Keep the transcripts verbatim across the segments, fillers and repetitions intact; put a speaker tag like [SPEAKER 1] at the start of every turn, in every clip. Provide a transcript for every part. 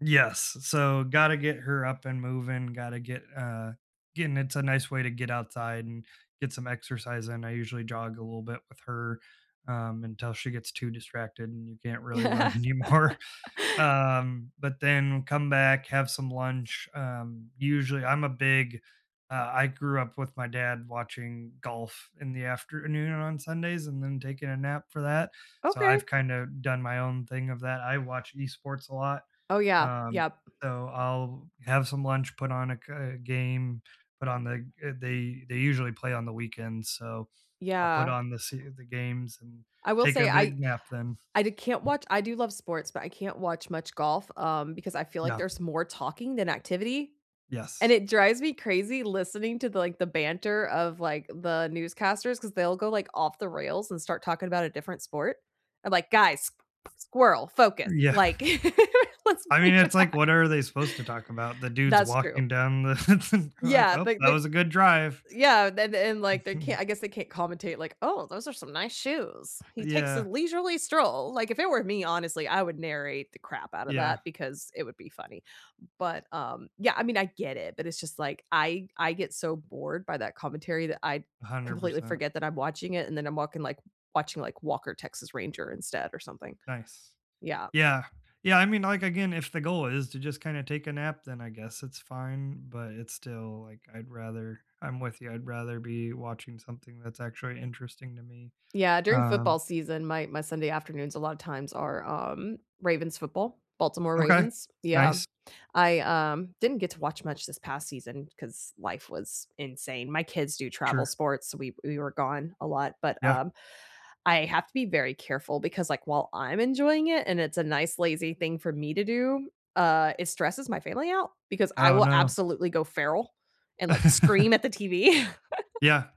[SPEAKER 1] Yes, s so gotta get her up and moving, gotta get, uh, getting into a nice way to get outside and get some exercise and I usually jog a little bit with her, um, until she gets too distracted and you can't really run anymore. Um, but then come back, have some lunch um, usually, I'm a big uh, I grew up with my dad watching golf in the afternoon on Sundays and then taking a nap for that. So,
[SPEAKER 2] Okay.
[SPEAKER 1] I've kind of done my own thing of that. I watch eSports a lot.
[SPEAKER 2] Oh yeah,
[SPEAKER 1] Um,
[SPEAKER 2] yep.
[SPEAKER 1] so I'll have some lunch, put on a c game, put on the, uh, they they usually play on the weekends, so I'll put
[SPEAKER 2] Yeah.
[SPEAKER 1] on the se the games and
[SPEAKER 2] I will
[SPEAKER 1] take
[SPEAKER 2] say
[SPEAKER 1] a big
[SPEAKER 2] I
[SPEAKER 1] nap then.
[SPEAKER 2] I di can't watch I do love sports, but I can't watch much golf, um, because I feel like
[SPEAKER 1] No.
[SPEAKER 2] there's more talking than activity, and
[SPEAKER 1] Yes.
[SPEAKER 2] it drives me crazy listening to the, like the banter of, like, the newscasters 'cause they'll go like off the rails and start talking about a different sport. I'm like, "Guys, squirrel, focus,
[SPEAKER 1] Yeah,
[SPEAKER 2] like let's"
[SPEAKER 1] I mean, it's like
[SPEAKER 2] [unintelligible]
[SPEAKER 1] what are they supposed to talk about? The dude's
[SPEAKER 2] That's true.
[SPEAKER 1] walking down the like,
[SPEAKER 2] Yeah,
[SPEAKER 1] "Oh,
[SPEAKER 2] like
[SPEAKER 1] that
[SPEAKER 2] they
[SPEAKER 1] was a good drive."
[SPEAKER 2] Yeah, then the and, like they can't
[SPEAKER 1] Mhm.
[SPEAKER 2] I guess they can't commentate like, "Oh, those are some nice shoes. He takes a
[SPEAKER 1] Yeah.
[SPEAKER 2] leisurely stroll," like if it were me, honestly, I would narrate the crap out of that
[SPEAKER 1] Yeah.
[SPEAKER 2] because it would be funny, but um, yeah, I mean I get it, but it's just like I I get so bored by that commentary that I
[SPEAKER 1] a hundred
[SPEAKER 2] completely
[SPEAKER 1] percent.
[SPEAKER 2] forget that I'm watching it and then I'm walking like watching like Walker, Texas Ranger instead or something,
[SPEAKER 1] Nice.
[SPEAKER 2] yeah.
[SPEAKER 1] Yeah, yeah, I mean, like, again, if the goal is to just kinda take a nap, then I guess it's fine, but it's still like I'd rather, I'm with you, I'd rather be watching something that's actually interesting to me.
[SPEAKER 2] Yeah, during football
[SPEAKER 1] Um
[SPEAKER 2] season, my my Sunday afternoons a lot of times are um, Ravens football, Baltimore
[SPEAKER 1] Okay,
[SPEAKER 2] Ravens, yeah,
[SPEAKER 1] nice.
[SPEAKER 2] I um, didn't get to watch much this past season 'cause life was insane. My kids do travel
[SPEAKER 1] Sure.
[SPEAKER 2] sports, we we were gone a lot, but,
[SPEAKER 1] Yeah.
[SPEAKER 2] um, I have to be very careful because, like, while I'm enjoying it and it's a nice, lazy thing for me to do, uh, it stresses my family out because I
[SPEAKER 1] Oh
[SPEAKER 2] will
[SPEAKER 1] no.
[SPEAKER 2] absolutely go feral and, like, scream at the TV.
[SPEAKER 1] Yeah.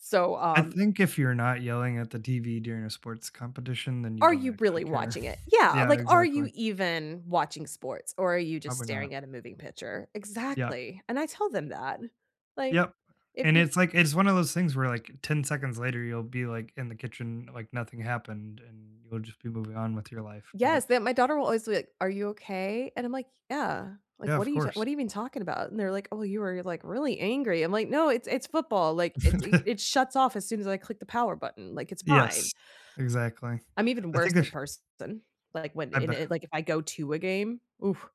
[SPEAKER 2] So,
[SPEAKER 1] I
[SPEAKER 2] um
[SPEAKER 1] think if you're not yelling at the TV during a sports competition, then you
[SPEAKER 2] Are
[SPEAKER 1] don't
[SPEAKER 2] you
[SPEAKER 1] actually
[SPEAKER 2] really
[SPEAKER 1] care.
[SPEAKER 2] watching it? Yeah,
[SPEAKER 1] Yeah,
[SPEAKER 2] like, are
[SPEAKER 1] exactly.
[SPEAKER 2] you even watching sports, or are you just
[SPEAKER 1] Probably not.
[SPEAKER 2] staring at a moving picture?
[SPEAKER 1] Yup.
[SPEAKER 2] Exactly, and I told them that, like,
[SPEAKER 1] Yep,
[SPEAKER 2] if
[SPEAKER 1] and
[SPEAKER 2] you
[SPEAKER 1] it's like, it's one of those things where, like, ten seconds later you'll be, like, in the kitchen, like nothing happened and you'll just be moving on with your life,
[SPEAKER 2] Yes,
[SPEAKER 1] but
[SPEAKER 2] the my daughter will always be like, "Are you okay?" And I'm like, "Yeah,
[SPEAKER 1] Yeah,
[SPEAKER 2] like, what
[SPEAKER 1] of
[SPEAKER 2] are you t
[SPEAKER 1] course.
[SPEAKER 2] what are you even talking about?" And they're like, "Oh, you were like really angry." I'm like, "No, it's it's football, like it's e it shuts off as soon as I click the power button, like, it's fine."
[SPEAKER 1] Yes, exactly.
[SPEAKER 2] I'm even
[SPEAKER 1] I
[SPEAKER 2] worse
[SPEAKER 1] think
[SPEAKER 2] in
[SPEAKER 1] there's
[SPEAKER 2] person, like when
[SPEAKER 1] I
[SPEAKER 2] in
[SPEAKER 1] be
[SPEAKER 2] it like if I go to a game, oof.